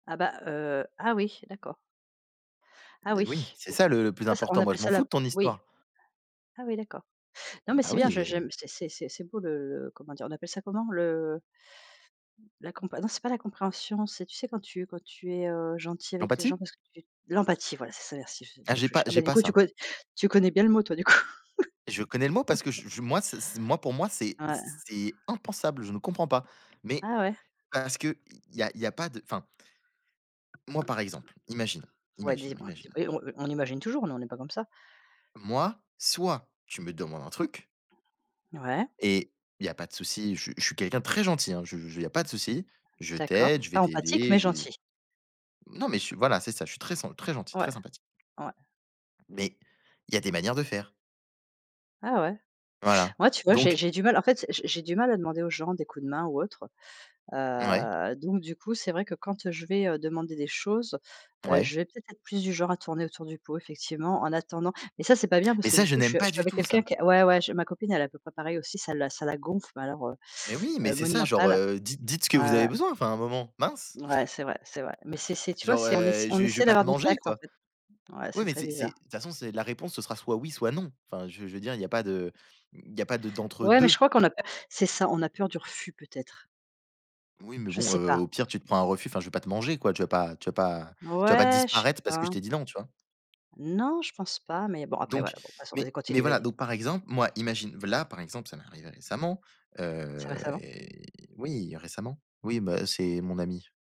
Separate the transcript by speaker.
Speaker 1: Ah bah, heu ah oui, d'accord. Ah
Speaker 2: Beh oui,
Speaker 1: oui?
Speaker 2: c'est
Speaker 1: Bon,
Speaker 2: ça le le
Speaker 1: des
Speaker 2: plus
Speaker 1: fois ça on
Speaker 2: important. Moi,
Speaker 1: appelle
Speaker 2: je m'en
Speaker 1: ça la
Speaker 2: fous de ton
Speaker 1: oui.
Speaker 2: histoire.
Speaker 1: Ah oui, d'accord.
Speaker 2: Ah
Speaker 1: Non mais
Speaker 2: bah
Speaker 1: c'est
Speaker 2: oui
Speaker 1: bien je
Speaker 2: et
Speaker 1: j'aime c'est c'est c'est beau le le comment dire? On appelle ça comment? Le la compré non c'est pas la compréhension, c'est tu sais quand tu quand tu es, heu, gentil avec les gens
Speaker 2: L'empathie?
Speaker 1: parce que tu l'empathie! Voilà c'est ça merci je c'est le
Speaker 2: Ah
Speaker 1: mot que
Speaker 2: j'ai
Speaker 1: je
Speaker 2: pas
Speaker 1: cher ah bah
Speaker 2: j'ai
Speaker 1: du
Speaker 2: pas
Speaker 1: coup, tu
Speaker 2: ça.
Speaker 1: co tu connais bien le mot toi du coup.
Speaker 2: Je connais le mot parce que je je moi c c'est moi pour moi c'est
Speaker 1: Ouais.
Speaker 2: c'est impensable, je ne comprends pas, mais
Speaker 1: Ah ouais.
Speaker 2: parce qu'il y a il y a pas de enfin Moi par exemple, imagine
Speaker 1: Ouais
Speaker 2: imagine
Speaker 1: dis moi
Speaker 2: imagine
Speaker 1: dis et
Speaker 2: imagine
Speaker 1: on heu, on imagine toujours mais on est pas comme ça.
Speaker 2: moi soit tu me demandes un truc
Speaker 1: Ouais.
Speaker 2: et il y a pas de souci je suis je suis quelqu'un de très gentil hein, je je il y a pas de souci. Je
Speaker 1: D'accord,
Speaker 2: t'aide, je vais
Speaker 1: pas empathique
Speaker 2: t'aider,
Speaker 1: mais
Speaker 2: j'ai
Speaker 1: gentil.
Speaker 2: non mais je suis voilà c'est ça, je suis très sen très gentil,
Speaker 1: Ouais.
Speaker 2: très sympathique.
Speaker 1: Ouais.
Speaker 2: Mais il y a des manières de faire.
Speaker 1: Ah ouais?
Speaker 2: Voilà,
Speaker 1: Moi tu vois j'ai
Speaker 2: donc
Speaker 1: j'ai du mal. En fait, j'ai j'ai du mal à demander aux gens des coups de main ou autre,
Speaker 2: Mouais.
Speaker 1: heu, donc du coup, c'est vrai que quand, heu, je vais, heu, demander des choses, heu,
Speaker 2: Ouais.
Speaker 1: je vais peut-être, être plus du genre à tourner autour du pot effectivement en attendant. Mais ça c'est pas bien
Speaker 2: Mais
Speaker 1: parce que
Speaker 2: ça,
Speaker 1: du
Speaker 2: je
Speaker 1: coup je
Speaker 2: n'aime
Speaker 1: suis
Speaker 2: pas
Speaker 1: je suis
Speaker 2: du
Speaker 1: avec
Speaker 2: tout
Speaker 1: quelqu'un
Speaker 2: ça!
Speaker 1: qui ouais, ouais je ma copine elle est à peu près pareil aussi, ça la ça la gonfle mais alors, heu
Speaker 2: Mais oui mais
Speaker 1: heu,
Speaker 2: c'est ça, genre,
Speaker 1: monumental!
Speaker 2: heu, di dites ce que
Speaker 1: Ouais,
Speaker 2: vous avez
Speaker 1: ouais.
Speaker 2: besoin, enfin à un moment, mince!
Speaker 1: Mouais c'est vrai, c'est vrai. Mais c'est c'est tu vois
Speaker 2: Genre,
Speaker 1: c'est on ess
Speaker 2: heu,
Speaker 1: on
Speaker 2: je vais je vais
Speaker 1: essaie
Speaker 2: pas te
Speaker 1: d'avoir du
Speaker 2: manger,
Speaker 1: tact, en
Speaker 2: quoi.
Speaker 1: fait. Ouais,
Speaker 2: Oui
Speaker 1: c'est
Speaker 2: mais
Speaker 1: très
Speaker 2: c'est c'est
Speaker 1: bizarre.
Speaker 2: de toute façon c'est la réponse ce sera soit oui, soit non. Enfin je je veux dire il y a pas de mmh, il y a pas de d'entre
Speaker 1: Ouais mais
Speaker 2: 2.
Speaker 1: je crois qu'on a peu c'est ça, on a peur du refus peut-être.
Speaker 2: Oui mais
Speaker 1: Je
Speaker 2: bon,
Speaker 1: sais
Speaker 2: heu,
Speaker 1: pas.
Speaker 2: au pire tu te prends un refus, enfin je vais pas te manger quoi, tu vas pas tu vas pas tu vas pas
Speaker 1: Ouais, je sais
Speaker 2: disparaître parce que
Speaker 1: pas.
Speaker 2: je t'ai dit «Non» tu vois?
Speaker 1: Non je pense pas mais bon, après
Speaker 2: Donc
Speaker 1: voilà bon passons, vas-y
Speaker 2: mais mais
Speaker 1: continue,
Speaker 2: voilà.
Speaker 1: vas-y.
Speaker 2: Donc par exemple moi imagine v là par exemple, ça m'est arrivé récemment,
Speaker 1: C'est
Speaker 2: heu
Speaker 1: récemment?
Speaker 2: et oui récemment, oui bah, c'est mon ami.